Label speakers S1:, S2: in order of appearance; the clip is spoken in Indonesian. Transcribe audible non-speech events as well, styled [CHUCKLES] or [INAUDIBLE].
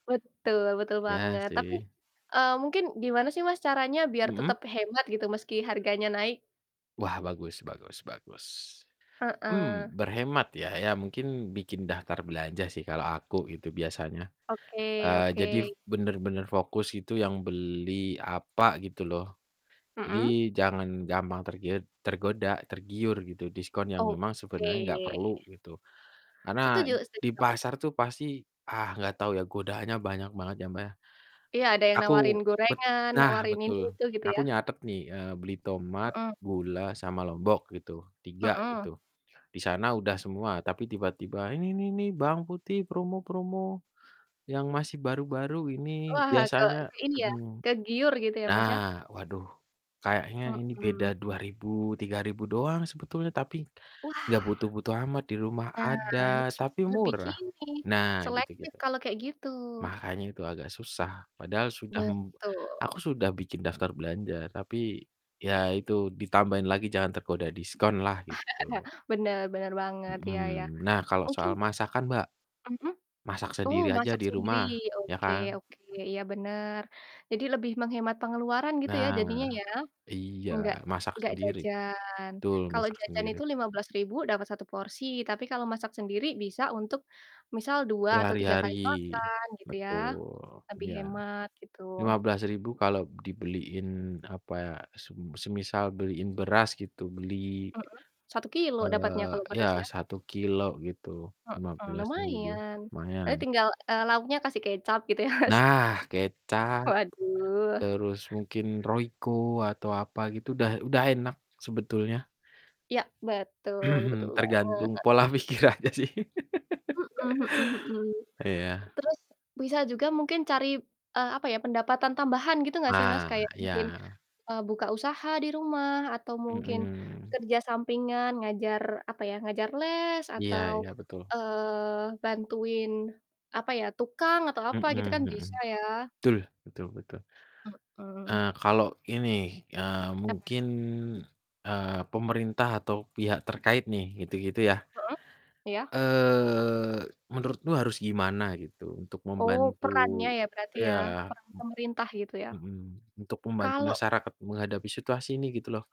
S1: Betul betul
S2: Iya
S1: banget, tapi,
S2: sih.
S1: eee, mungkin gimana sih, Mas, caranya biar
S2: Mhm.
S1: tetap hemat gitu meski harganya naik?
S2: Wah, bagus bagus bagus. Mmm,
S1: Heeh.
S2: berhemat ya. Iya mungkin bikin daftar belanja sih kalau aku itu biasanya,
S1: Oke
S2: eee, jadi
S1: oke.
S2: bener-bener fokus itu yang beli apa gitu loh. Jadi
S1: Mhm.
S2: jangan gampang tergiud tergoda tergiur gitu diskon yang memang sebenarnya gak
S1: Oke.
S2: perlu gitu karena
S1: Setuju setuju
S2: di
S1: banget.
S2: pasar tuh pasti, ah, gak tau ya godaannya banyak banget ya, Mbak, ya.
S1: Iya ada yang
S2: Aku
S1: nawarin
S2: bet
S1: gorengan,
S2: nah
S1: nawarin ini
S2: betul.
S1: itu gitu
S2: Aku
S1: ya.
S2: nyatet nih, eee, beli tomat,
S1: Mhm.
S2: gula, sama lombok gitu, 3 gitu,
S1: Mhm.
S2: di sana udah semua, tapi tiba-tiba, "Ini nih nih bawang putih promo promo yang masih baru-baru ini
S1: Wah, ke
S2: biasanya"
S1: ke ini ya,
S2: mhm.
S1: kegiur gitu ya, Mas, ya.
S2: Nah waduh kayaknya ini beda
S1: Mhm.
S2: Rp2.000, Rp3.000 doang sebetulnya, tapi
S1: Wah.
S2: gak butuh-butuh amat di rumah
S1: Nah
S2: ada,
S1: harus bisa
S2: tapi
S1: lebih ke
S2: murah.
S1: ini
S2: Nah
S1: selektif
S2: gitu-gitu
S1: kalau kayak gitu.
S2: makanya itu agak susah padahal sudah mem aku
S1: Betul.
S2: sudah bikin daftar belanja, tapi ya itu ditambahin lagi jangan tergoda diskonlah gitu.
S1: [CHUCKLES] Bener bener banget iya iya,
S2: Mhm. Nah kalau
S1: mungkin
S2: soal masakan, Mbak,
S1: Mhm.
S2: masak
S1: Oh,
S2: sendiri aja
S1: masak
S2: di
S1: sendiri.
S2: rumah, iya
S1: Oke
S2: kan?
S1: oke. Iya benar. Jadi lebih menghemat pengeluaran gitu ya
S2: Nah
S1: jadinya ya,
S2: iya
S1: nggak
S2: masak
S1: nggak
S2: sendiri,
S1: jajan.
S2: betul
S1: Kalau
S2: masak
S1: jajan
S2: sendiri.
S1: itu Rp15.000 dapat 1 porsi, tapi kalau masak sendiri bisa untuk misal 2 atau 3
S2: Berhari-hari.
S1: kali makan gitu ya,
S2: Betul.
S1: lebih
S2: Iya.
S1: hemat gitu
S2: Rp15.000 kalau dibeliin, apa ya, sem semisal beliin beras gitu beli
S1: Mhm. 1 kilogram dapatnya
S2: eee,
S1: kalau
S2: iya
S1: beras ya.
S2: 1 kilogram gitu lima
S1: Mhm,
S2: belas ribu
S1: lumayan. Berarti
S2: lumayan.
S1: tinggal, eee, lauknya kasih kecap gitu ya, Mas.
S2: Nah kecap,
S1: Waduh.
S2: terus mungkin Royco atau apa gitu, udah udah enak sebetulnya.
S1: Iya betul betul
S2: [CLEARS THROAT] Tergantung
S1: banget.
S2: pola pikir aja sih.
S1: Mhm mhm mhm.
S2: [LAUGHS] Iya.
S1: Terus bisa juga mungkin cari, eee, apa ya, pendapatan tambahan gitu gak sih, Mas?
S2: Ah,
S1: Kayak mungkin,
S2: iya.
S1: eee, buka usaha di rumah, atau mungkin
S2: Mhm.
S1: kerja sampingan ngajar, apa ya, ngajar les,
S2: Iya
S1: atau,
S2: iya betul.
S1: eee, bantuin, apa ya, tukang, atau
S2: Mhm
S1: apa gitu kan bisa
S2: mhm.
S1: ya.
S2: Betul betul betul.
S1: Mhm.
S2: Eee, kalau ini, eee,
S1: Apa?
S2: mungkin, eee, pemerintah atau pihak terkait nih gitu-gitu ya.
S1: Mhm. Iya.
S2: Eee, menurutmu harus gimana gitu untuk
S1: Oh,
S2: membantu
S1: perannya ya berarti ya,
S2: iya
S1: peran pemerintah gitu ya.
S2: m mhm, untuk membantu
S1: Kalau
S2: masyarakat menghadapi situasi ini gitu loh?